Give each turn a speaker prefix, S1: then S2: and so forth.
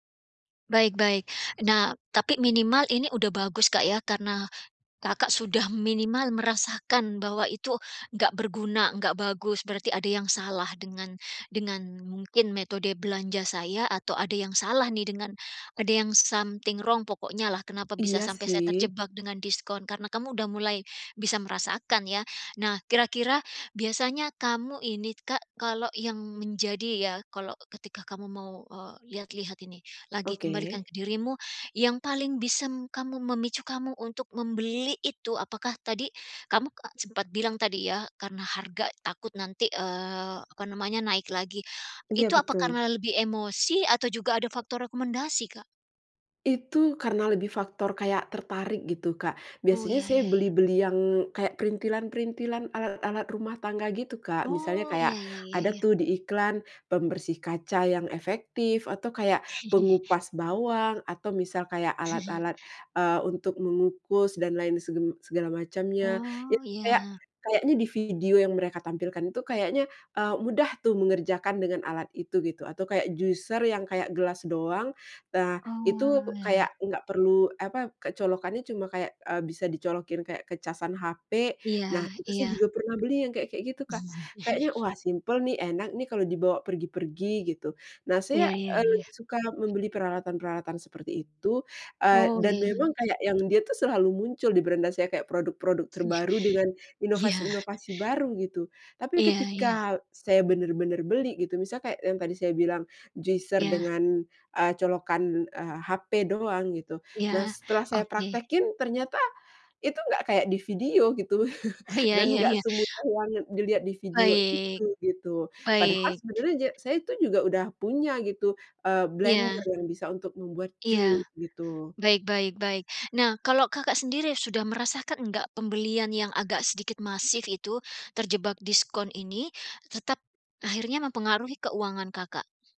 S1: Baik baik. Nah, tapi minimal ini udah bagus, Kak, ya, karena, Kakak sudah minimal merasakan bahwa itu nggak berguna, nggak bagus, berarti ada yang salah dengan dengan mungkin metode belanja saya atau ada yang salah nih dengan ada yang something wrong pokoknya lah, kenapa bisa
S2: Iya,
S1: sampai saya
S2: sih.
S1: terjebak dengan diskon, karena kamu udah mulai bisa merasakan, ya. Nah, kira-kira biasanya kamu ini, Kak, kalau yang menjadi ya, kalau ketika kamu mau, eee, lihat-lihat ini, lagi kembalikan
S2: Oke.
S1: ke dirimu, yang paling bisa kamu memicu kamu untuk membeli itu, apakah tadi, kamu sempat bilang tadi ya, karena harga takut nanti, eee, apa namanya, naik lagi.
S2: Iya,
S1: Itu apa
S2: betul.
S1: karena lebih emosi atau juga ada faktor rekomendasi, Kak?
S2: Itu karena lebih faktor kayak tertarik gitu, Kak.
S1: Oh,
S2: Biasanya
S1: iya
S2: saya
S1: iya iya.
S2: beli-beli yang kayak printilan-perintilan, alat-alat rumah tangga gitu, Kak. Misalnya
S1: Oh, iya
S2: kayak,
S1: iya iya
S2: ada
S1: iya.
S2: tuh di iklan, pembersih kaca yang efektif, atau kaya pengupas bawang, atau misal kayak alat-alat, eee, untuk mengukus dan lain seben segala macamnya.
S1: Oh,
S2: Itu kayak,
S1: iya.
S2: kayaknya di video yang mereka tampilkan itu kayaknya, eee, mudah tuh mengerjakan dengan alat itu, gitu, atau kaya juicer yang kaya gelas doang, eee, itu
S1: Oh,
S2: kayak
S1: iya.
S2: nggak perlu, apa, kayak colokannya cuma kayak, eee, bisa dicolokin kayak ke casan HP.
S1: Iya,
S2: Nah, itu saya
S1: iya.
S2: juga pernah beli yang kayak kayak gitu, Kak. Kayaknya, "Wah, simpel nih, enak nih kalo dibawa pergi-pergi", gitu. Nah,
S1: Iya
S2: saya,
S1: iya
S2: eee,
S1: iya.
S2: lebih suka membeli peralatan-peralatan seperti itu, eee,
S1: Oh,
S2: dan
S1: iya.
S2: memang kayak yang dia tuh selalu muncul di beranda saya, kayak produk-produk
S1: Iya.
S2: terbaru dengan,
S1: Iya.
S2: inovasi-inovasi baru, gitu. Tapi
S1: Iya, iya.
S2: ketika, saya bener-bener beli gitu, misal kayak yang tadi saya bilang, juicer
S1: Iya.
S2: dengan, eee, colokan, eee, HP doang, gitu,
S1: Iya,
S2: nah, setelah saya
S1: oke.
S2: praktekin ternyata itu nggak kayak di video, gitu.
S1: Oh, ya
S2: Dan
S1: ya
S2: nggak
S1: ya.
S2: semudah yang dilihat di video
S1: Baik.
S2: itu, gitu. Padahal
S1: Baik.
S2: sebenernya ja saya itu juga udah punya gitu, eee,
S1: Iya.
S2: blender yang bisa untuk membuat
S1: Iya.
S2: jus, gitu.
S1: Baik baik baik. Nah, kalau Kakak sendiri sudah merasakan enggak pembelian yang agak sedikit masif itu, terjebak diskon ini, tetap akhirnya mempengaruhi keuangan Kakak?